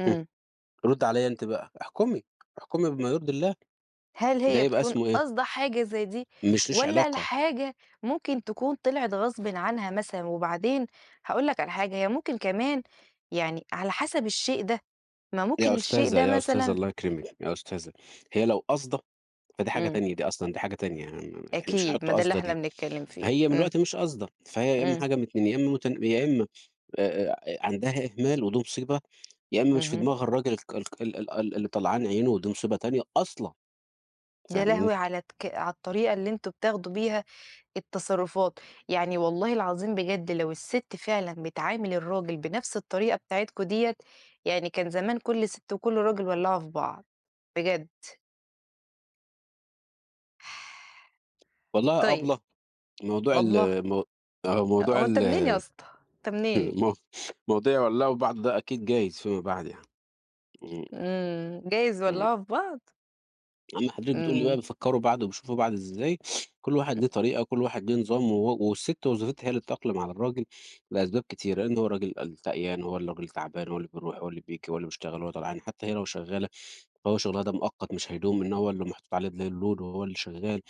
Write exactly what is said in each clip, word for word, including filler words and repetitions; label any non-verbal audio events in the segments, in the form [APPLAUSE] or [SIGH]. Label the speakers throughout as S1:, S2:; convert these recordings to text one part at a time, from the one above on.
S1: إمم.
S2: رُدي عليَّ أنتِ بقى، احكمي احكمي بما يرضي الله،
S1: هل
S2: ده
S1: هي
S2: يبقى
S1: بتكون
S2: اسمه إيه؟
S1: قاصدة حاجة زي دي؟
S2: مش ليش
S1: والّا
S2: علاقة.
S1: الحاجة ممكن تكون طلعت غصبٍ عنها مثلًا؟ وبعدين هاقول لك على حاجة، هي ممكن كمان يعني على حسب الشيء ده، ما
S2: يا
S1: ممكن الشيء
S2: أستاذة،
S1: ده
S2: يا أستاذة،
S1: مثلًا
S2: الله يكرمِك، يا أستاذة، هي لو قاصدة فدي حاجة
S1: إمم.
S2: تانية دي أصلًا دي حاجة تانية، يعني م إحنا مش
S1: أكيد،
S2: هنحط
S1: ما ده اللي
S2: قاصدة
S1: إحنا
S2: دي،
S1: بنتكلّم فيه،
S2: هي من
S1: إمم.
S2: الوقت مش قاصدة، فهي يا إمّا
S1: إمم.
S2: حاجة من اتنين يا إمّا مت يا إمّا آآ آآ آآ عندها إهمال ودي مصيبة، يا إمّا مش في
S1: اهم.
S2: دماغها الراجل الك الك ال ال ال اللي طلعان عينه ودي مصيبة تانية أصلًا.
S1: يا
S2: فاهماني؟
S1: لهوي على الك على الطريقة اللي أنتم بتاخدوا بيها التصرفات! يعني والله العظيم بجد لو الست فعلًا بتعامل الراجل بنفْس الطريقة بتاعتكم ديّة، يعني كان زمان كلّ ست وكلّ راجل ولعوا في بعض، بجد.
S2: والله يا
S1: طيب،
S2: أبلة موضوع
S1: أبلة!
S2: ال مو موضوع
S1: هو أنت
S2: ال
S1: منين يا اسطا؟ أنت منين؟
S2: [CHUCKLES] مو موضوع يولعوا في بعض ده أكيد جايز فيما بعد يعني. إمم.
S1: امم، جايز
S2: إمم.
S1: يولّعوا في بعض؟
S2: أمّا حضرتِك بتقولي بقى
S1: إمم.
S2: بيفكّروا بعض وبيشوفوا بعض إزاي، [SNIFFS] كلّ واحد ليه طريقة و كلّ واحد ليه نظام و والست وظيفتها هي اللي تتأقلم على الراجل، لأسباب كتيرة، لإن هو الراجل الشقيان هو الراجل تعبان، هو اللي بيروح هو اللي بييجي هواللي بيشتغل، هو طلعان، حتّى هي لو شغالة، فهو شغلها ده مؤقت مش هيدوم، إنما هو اللي محطوط عليه ال الload وهو اللي شغال،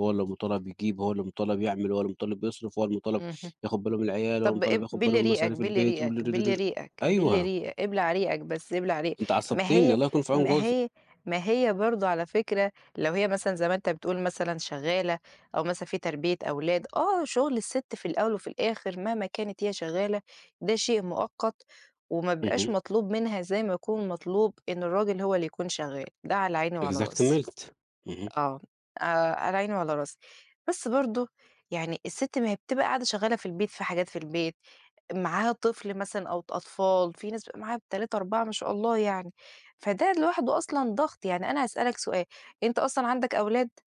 S2: هو اللي مُطالب يجيب هو اللي مُطالب يعمل، هو اللي مُطالب يصرف هو المُطالب
S1: اهم،
S2: ياخُد باله من العيال، هو
S1: طب
S2: المُطالب
S1: إب
S2: ياخد باله
S1: بِل
S2: من
S1: ريقك،
S2: مصاريف
S1: بِل
S2: البيت، ود
S1: ريقك،
S2: د د
S1: بِل
S2: د
S1: ريقك، بِل
S2: أيوه.
S1: ريق إبلع ريقك بس، إبلع ريق
S2: أنتِ
S1: ما
S2: عصّبتيني،
S1: هي
S2: الله يكون في عون
S1: ما
S2: جوزِك.
S1: هي ما هي برضه على فكرة، لو هي مثلًا زي ما أنت بتقول مثلًا شغالة، أو مثلًا في تربية أولاد، آه شغل الست في الأول وفي الآخر مهما كانت هي شغالة، ده شيء مؤقت وما بيبقاش
S2: اهم.
S1: مطلوب منها زي ما يكون مطلوب إن الراجل هو اللي يكون شغال، ده على عيني وعلى راسي،
S2: Exactmelt Exactly اهم.
S1: آه، آآ على عيني وعلى راسي، بس برضه يعني الست ما هي بتبقى قاعدة شغالة في البيت في حاجات في البيت، معاها طفل مثلًا أو ط أطفال، في ناس بيبقى معاها تلاتة أربعة ما شاء الله يعني، فده لوحده أصلًا ضغط، يعني أنا هاسألك سؤال، أنت أصلًا عندك أولاد؟